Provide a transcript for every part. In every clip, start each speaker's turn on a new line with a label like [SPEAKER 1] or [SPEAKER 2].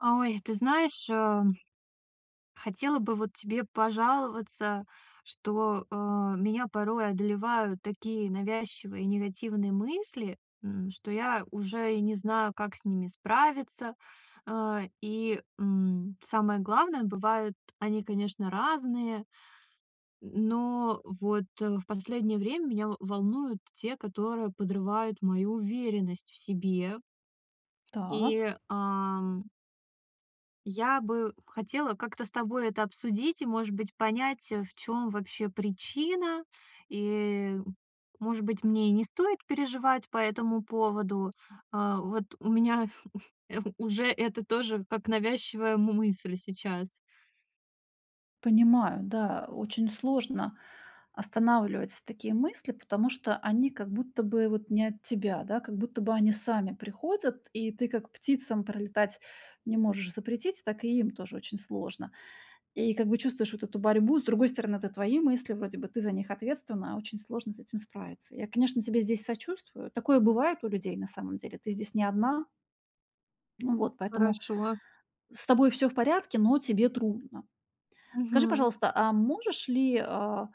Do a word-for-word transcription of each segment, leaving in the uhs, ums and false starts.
[SPEAKER 1] Ой, ты знаешь, ам, хотела бы вот тебе пожаловаться, что, а, меня порой одолевают такие навязчивые и негативные мысли, м, что я уже и не знаю, как с ними справиться. А, и, м, самое главное, бывает, они, конечно, разные. М, но вот, э, в последнее время меня в волнуют те, которые подрывают мою уверенность в себе.
[SPEAKER 2] Так.
[SPEAKER 1] И, ам я бы хотела как-то с тобой это обсудить и, может быть, понять, э, в чём вообще причина. И, может быть, мне и не стоит переживать по этому поводу. А вот у меня уже это тоже как навязчивая мы мысль сейчас.
[SPEAKER 2] Понимаю, да, очень сложно останавливать такие мысли, потому что они как будто бы вот не от тебя, да, как будто бы они сами приходят, и ты, как птицам пролетать не можешь запретить, так и им тоже очень сложно. И как бы чувствуешь вот эту борьбу. И с другой стороны, это твои мысли, вроде бы ты за них ответственна, а очень сложно с этим справиться. Я, конечно, тебе здесь сочувствую. Такое бывает у людей на самом деле. Ты здесь не одна. Ну вот поэтому
[SPEAKER 1] Хорошо.
[SPEAKER 2] с тобой всё в порядке, но тебе трудно. Скажи,
[SPEAKER 1] Мгм.
[SPEAKER 2] пожалуйста, а можешь ли, а,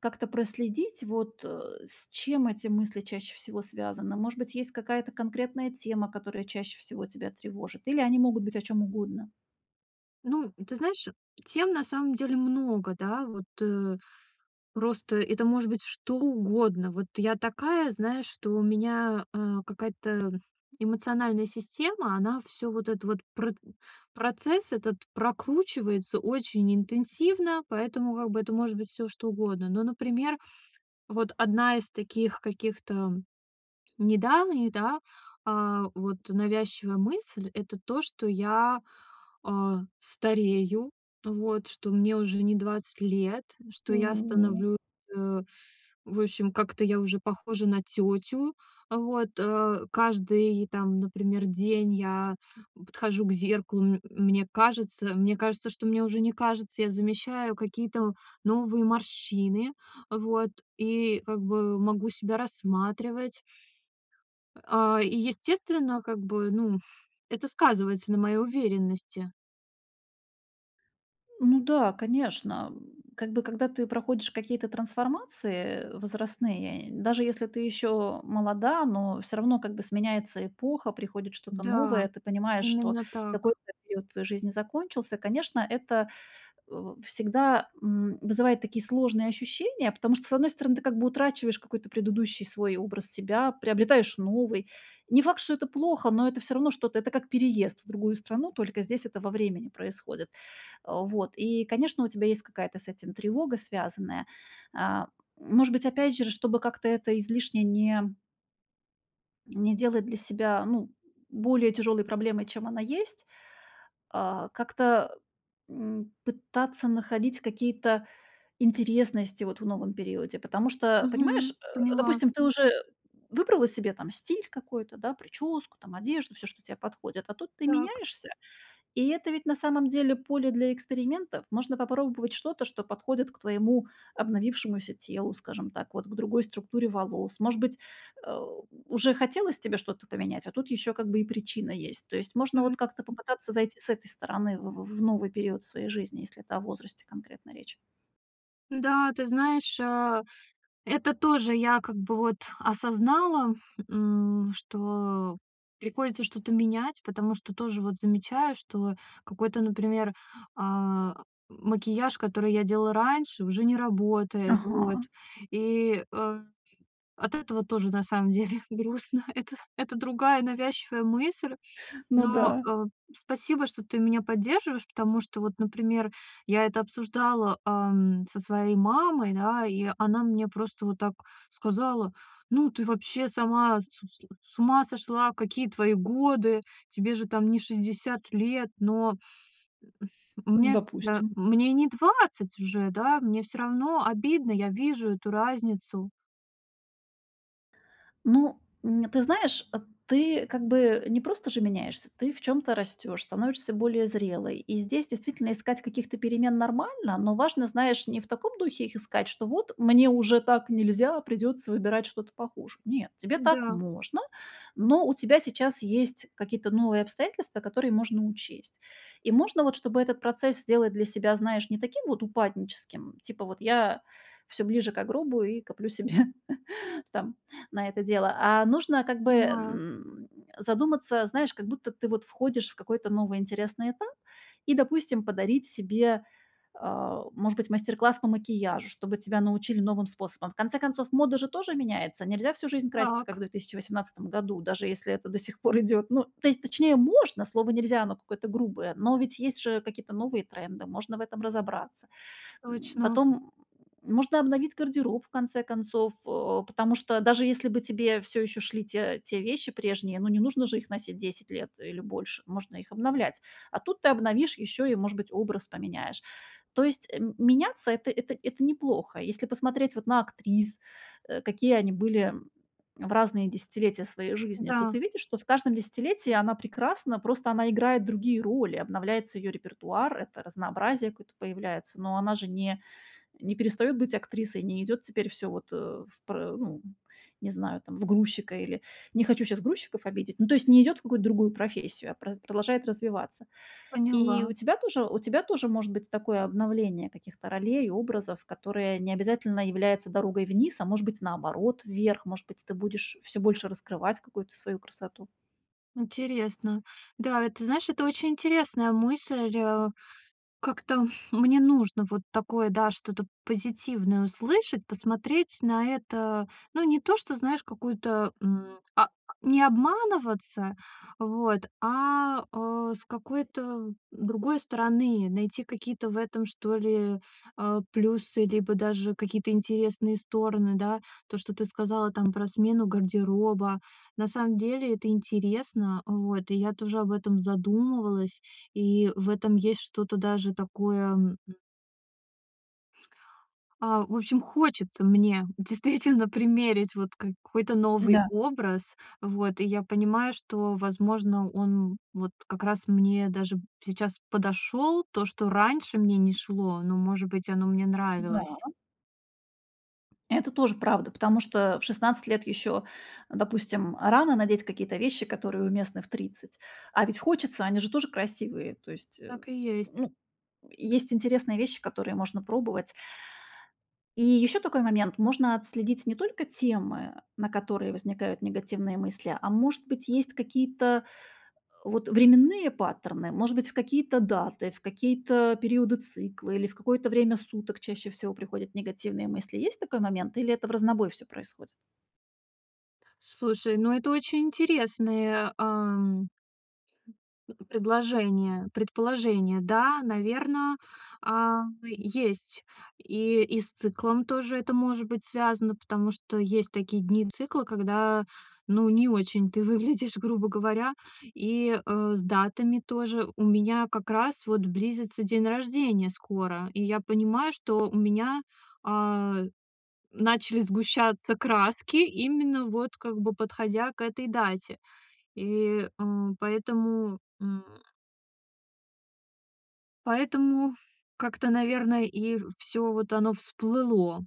[SPEAKER 2] как-то проследить вот, э, с чем эти мысли чаще всего связаны? Может быть, есть какая-то конкретная тема, которая чаще всего тебя тревожит? Или они могут быть о чём угодно?
[SPEAKER 1] Ну, м, ты знаешь, тем на самом деле много, да. Вот, э, просто это может быть что угодно. Вот я такая, знаешь, что у меня, э, какая-то эмоциональная система, она всё вот этот вот прытн процесс этот прокручивается очень интенсивно, поэтому, как бы, это может быть всё что угодно. Но, например, вот одна из таких каких-то, м, недавних, да, а вот навязчивая мысль— это то, что я, а, старею, вот, что мне уже не двадцать лет, что
[SPEAKER 2] М,
[SPEAKER 1] я
[SPEAKER 2] не
[SPEAKER 1] становлюсь, а, в общем, как-то я уже похожа на тётю. А вот, э, каждый там, например, день я подхожу к зеркалу, м мне кажется, мне кажется, что мне уже не кажется, я замещаю какие-то в новые морщины, а вот, и, как бы, могу себя рассматривать. А, и, естественно, как бы, ну, это сказывается на моей уверенности.
[SPEAKER 2] Ну да, конечно, м. Как бы, когда ты проходишь какие-то трансформации, э, возрастные, даже если ты ещё молода, но всё равно как бы сменяется эпоха, приходит что-то
[SPEAKER 1] Да,
[SPEAKER 2] новое, ты понимаешь, что
[SPEAKER 1] именно так.
[SPEAKER 2] какой-то период в твоей жизни закончился. Конечно, это, у всегда, м, вызывает такие сложные ощущения, потому что, с одной стороны, ты как бы утрачиваешь какой-то предыдущий свой образ себя, приобретаешь новый. Не факт, что это плохо, но это всё равно что-то. Это как переезд в другую страну, только здесь это во времени происходит. А вот и, конечно, у тебя есть какая-то с этим тревога, связанная. А, может быть, опять через чтобы как-то это излишне не Не делать для себя, ну, более тяжёлой проблемой, чем она есть, э, как-то, м, пытаться находить какие-то интересности, вот в новом периоде. Потому что, понимаешь, э,
[SPEAKER 1] Мгм. Поняла.
[SPEAKER 2] допустим, ты уже выбрала себе там стиль какой-то, да: причёску, там, одежду, всё, что тебе подходит. А тут ты
[SPEAKER 1] Так.
[SPEAKER 2] меняешься, и это ведь на самом деле поле для экспериментов. Можно попробовать что-то, что подходит к твоему обновившемуся телу, скажем так, вот к другой структуре волос. Может быть, э, уже хотелось тебе что-то поменять, а тут ещё как бы и причина есть. То есть, можно
[SPEAKER 1] Мгм.
[SPEAKER 2] вот как-то
[SPEAKER 1] М.
[SPEAKER 2] попытаться зайти с этой стороны в в новый период своей жизни, если это о возрасте конкретно речь.
[SPEAKER 1] Да, ты знаешь, а, это тоже я как бы вот осознала, м, что приходится что-то менять, потому что тоже вот замечаю, что какой-то, например, а, макияж, который я делала раньше, уже не работает. Вот,
[SPEAKER 2] Ага.
[SPEAKER 1] и, э, от этого тоже, на самом деле, грустно. Это это другая навязчивая мысль,
[SPEAKER 2] Ну
[SPEAKER 1] но,
[SPEAKER 2] да.
[SPEAKER 1] э, спасибо, что ты меня поддерживаешь, потому что вот, например, я это обсуждала, а, м, со своей мамой, да, и она мне просто вот так сказала: "Ну ты вообще сама с сл с ума сошла, какие твои годы, тебе же там не шестьдесят лет?!" Но, м
[SPEAKER 2] Ну,
[SPEAKER 1] мне, да
[SPEAKER 2] допустим.
[SPEAKER 1] мне не двадцать уже, да, мне всё равно обидно, я вижу эту разницу.
[SPEAKER 2] Ну, н ты знаешь, ты как бы не просто же меняешься, ты в чём-то растёшь, становишься более зрелой. И здесь, действительно, искать каких-то перемен нормально, но важно, знаешь, не в таком духе их искать, что вот: "Мне уже так нельзя, придётся выбирать что-то похуже". Нет, тебе так
[SPEAKER 1] Да.
[SPEAKER 2] можно, но у тебя сейчас есть какие-то новые обстоятельства, которые можно учесть. И можно, вот, чтобы этот процесс сделать для себя, знаешь, не таким вот упадническим, типа, вот я всё ближе ко гробу и коплю себе там на это дело. А нужно как бы,
[SPEAKER 1] Понимаю.
[SPEAKER 2] м, задуматься, знаешь, как будто ты вот входишь в какой-то новый интересный этап и, допустим, подарить себе, э, может быть, мастер-класс по макияжу, чтобы тебя научили новым способам. В конце концов, мода же тоже меняется. Нельзя всю жизнь краситься, как в
[SPEAKER 1] Так.
[SPEAKER 2] две тысячи восемнадцатом году, даже если это до сих пор идёт ну, то есть, точнее, можно, слово нельзя оно какое-то грубое, но ведь есть же какие-то новые тренды, можно в этом разобраться. М,
[SPEAKER 1] Точно.
[SPEAKER 2] потом можно обновить гардероб, в конце концов, э, потому что даже если бы тебе всё ещё шли те те вещи прежние, ну не нужно же их носить десять лет или больше, можно их обновлять. А тут ты обновишь ещё и, может быть, образ поменяешь. То есть, э, меняться это это это неплохо. Если посмотреть вот на актрис, э, какие они были в разные десятилетия своей жизни, то
[SPEAKER 1] Да.
[SPEAKER 2] ты видишь, что в каждом десятилетии она прекрасна, просто она играет другие роли. Обновляется её репертуар, это разнообразие какое-то появляется, но она же не не перестаёт быть актрисой, не идёт теперь всё вот, э, в пр э, ну не знаю, там, в грузчика или... Не хочу сейчас грузчиков обидеть. Ну, то есть, не идёт в какую-то другую профессию, а праз продолжает развиваться. И
[SPEAKER 1] Поняла.
[SPEAKER 2] у тебя тоже у тебя тоже может быть такое обновление каких-то ролей, образов, которые не обязательно являются дорогой вниз, а может быть, наоборот, вверх, может быть, ты будешь всё больше раскрывать какую-то свою красоту.
[SPEAKER 1] Интересно. Да, это, знаешь, это очень интересная мысль. Как-то мне нужно вот такое, да, что-то позитивное услышать, посмотреть на это, ну, не то, что, знаешь, какую-то, м, а, не обманываться, вот, а, э, с какой-то другой стороны, найти какие-то в этом, что ли, э, плюсы, либо даже какие-то интересные стороны, да, то, что ты сказала, там, про смену гардероба. На самом деле это интересно, э, вот, и я тоже об этом задумывалась. И в этом есть что-то даже такое, м А, в общем, хочется мне, действительно, примерить, вот, какой-то новый
[SPEAKER 2] Да.
[SPEAKER 1] образ. Вот, и я понимаю, что, возможно, он, м, вот, как раз, мне даже, сейчас подошёл. То, что раньше мне не шло, но, может быть, оно мне нравилось.
[SPEAKER 2] Да. Это тоже правда, потому что в шестнадцать лет ещё, а допустим, рано надеть какие-то вещи, которые уместны в тридцать. А ведь хочется, они же тоже красивые. То есть, а, м.
[SPEAKER 1] Так и
[SPEAKER 2] Ну,
[SPEAKER 1] есть.
[SPEAKER 2] м, есть интересные вещи, которые можно пробовать. И ещё такой момент. Можно отследить не только темы, на которые возникают негативные мысли, а может быть, есть какие-то, э, вот, временные паттерны, может быть, в какие-то даты, в какие-то периоды цикла или в какое-то время суток чаще всего приходят негативные мысли. Есть такой момент или это вразнобой всё происходит?
[SPEAKER 1] Слушай, ну это очень интересное, ам, предложение предположение. Да, наверно, а, есть. И и с циклом тоже это может быть связано, потому что, есть такие дни цикла, когда, ну не очень ты выглядишь, грубо говоря. И, э, с датами тоже. У меня, как раз, вот, близится день рождения скоро. И я понимаю, что у меня, а, начали сгущаться краски, именно, вот, как бы, подходя к этой дате. И, э, поэтому, м. Поэтому как-то, наверно, и в всё вот оно всплыло.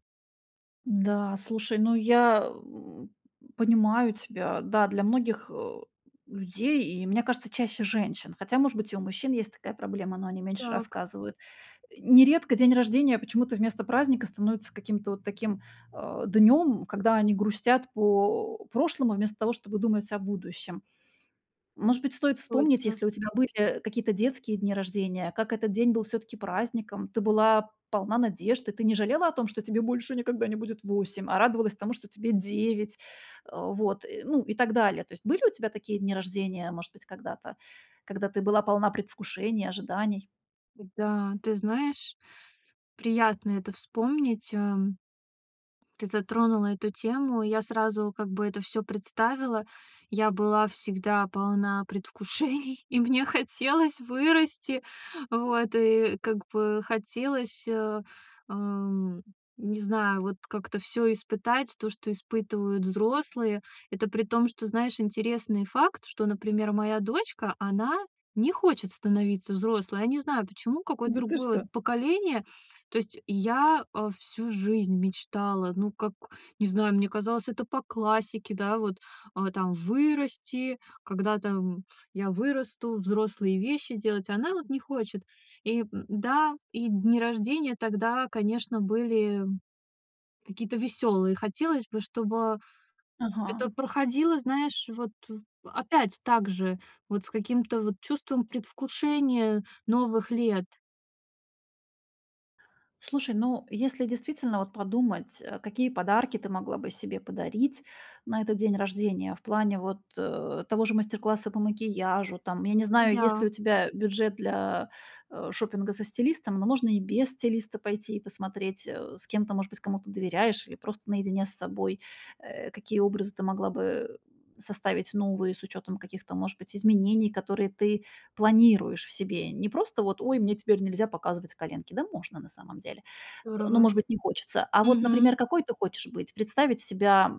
[SPEAKER 2] Да, слушай, ну, я, э, понимаю тебя. Да, для многих, э, людей и, мне кажется, чаще женщин, хотя, может быть, и у мужчин есть такая проблема, но они меньше
[SPEAKER 1] Так.
[SPEAKER 2] рассказывают. Нередко день рождения почему-то вместо праздника становится каким-то вот таким, а, днём, когда они грустят по прошлому, вместо того, чтобы думать о будущем. Может быть, стоит вспомнить,
[SPEAKER 1] Точно.
[SPEAKER 2] если у тебя были какие-то детские дни рождения, как этот день был всё-таки праздником, ты была полна надежд, и ты не жалела о том, что тебе больше никогда не будет восемь, а радовалась тому, что тебе девять, э, вот, и, ну, и так далее. То есть, были у тебя такие дни рождения, может быть, когда-то, когда ты была полна предвкушений, ожиданий?
[SPEAKER 1] Да, ты знаешь, приятно это вспомнить, ам. Ты затронула эту тему. Я сразу как бы это всё представила. Я была всегда полна предвкушений, и мне хотелось вырасти. Вот, и как бы хотелось, э, эм, не знаю, вот как-то всё испытать, то, что испытывают взрослые. Это при том, что, знаешь, интересный факт, что, например, моя дочка, она не хочет становиться взрослой. Я не знаю, почему, какое-то
[SPEAKER 2] Да, ты
[SPEAKER 1] другое
[SPEAKER 2] что?
[SPEAKER 1] поколение. То есть, я, э, всю жизнь мечтала, ну, как, не знаю, мне казалось, это по классике, да, вот, а, там вырасти, когда-то, м, я вырасту, взрослые вещи делать. Она вот не хочет. И да, и дни рождения тогда, конечно, были какие-то веселые. Хотелось бы, чтобы это
[SPEAKER 2] Ага.
[SPEAKER 1] проходило, знаешь, вот в опять также, вот с каким-то вот чувством предвкушения новых лет.
[SPEAKER 2] Слушай, ну, если действительно вот подумать, э, какие подарки ты могла бы себе подарить на этот день рождения, в плане вот, э, того же мастер-класса по макияжу, там, я не знаю, есть ли у
[SPEAKER 1] Да.
[SPEAKER 2] тебя бюджет для, э, шопинга со стилистом. Но можно и без стилиста пойти и посмотреть, э, с кем ты, может быть, кому-то доверяешь или просто наедине с собой, э, какие образы ты могла бы составить новые, с учётом каких-то, может быть, изменений, которые ты планируешь в себе. Не просто вот: "Ой, мне теперь нельзя показывать коленки". Да можно, на самом деле, но,
[SPEAKER 1] Здорово.
[SPEAKER 2] может быть, не хочется. А вот,
[SPEAKER 1] Мгм.
[SPEAKER 2] например, какой ты хочешь быть? Представить себя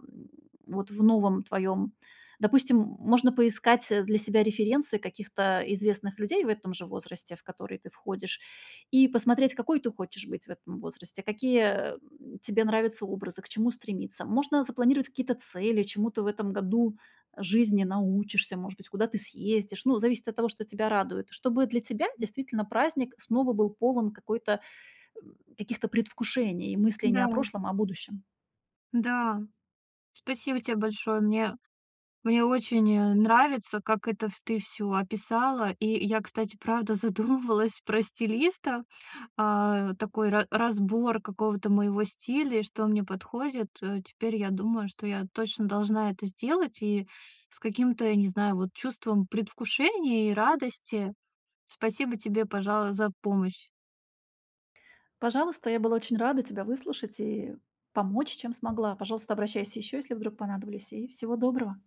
[SPEAKER 2] вот в новом твоем допустим, можно поискать, э, для себя референсы каких-то известных людей в этом же возрасте, в который ты входишь, и посмотреть, какой ты хочешь быть в этом возрасте, какие, э, тебе нравятся образы, к чему стремиться. Можно запланировать какие-то цели, чему ты в этом году жизни научишься, может быть, куда ты съездишь. Ну, зависит от того, что тебя радует. Чтобы для тебя,
[SPEAKER 1] М.
[SPEAKER 2] действительно, праздник снова был полон какой-то э, каких-то предвкушений и мыслей не
[SPEAKER 1] Да.
[SPEAKER 2] о прошлом, а о будущем.
[SPEAKER 1] Да. Спасибо тебе большое. Мне мне очень, э, нравится, как это вс ты всё описала. И я, кстати, правда задумывалась про стилиста, а, такой ра разбор какого-то моего стиля, и что мне подходит. Э, теперь я думаю, что я точно должна это сделать, и с каким-то, не знаю, вот чувством предвкушения и радости. Спасибо тебе, пожа за помощь.
[SPEAKER 2] Пожалуйста, я была очень рада тебя выслушать и помочь, чем смогла. Пожалуйста, обращайся еще, если вдруг понадоблюсь и всего доброго.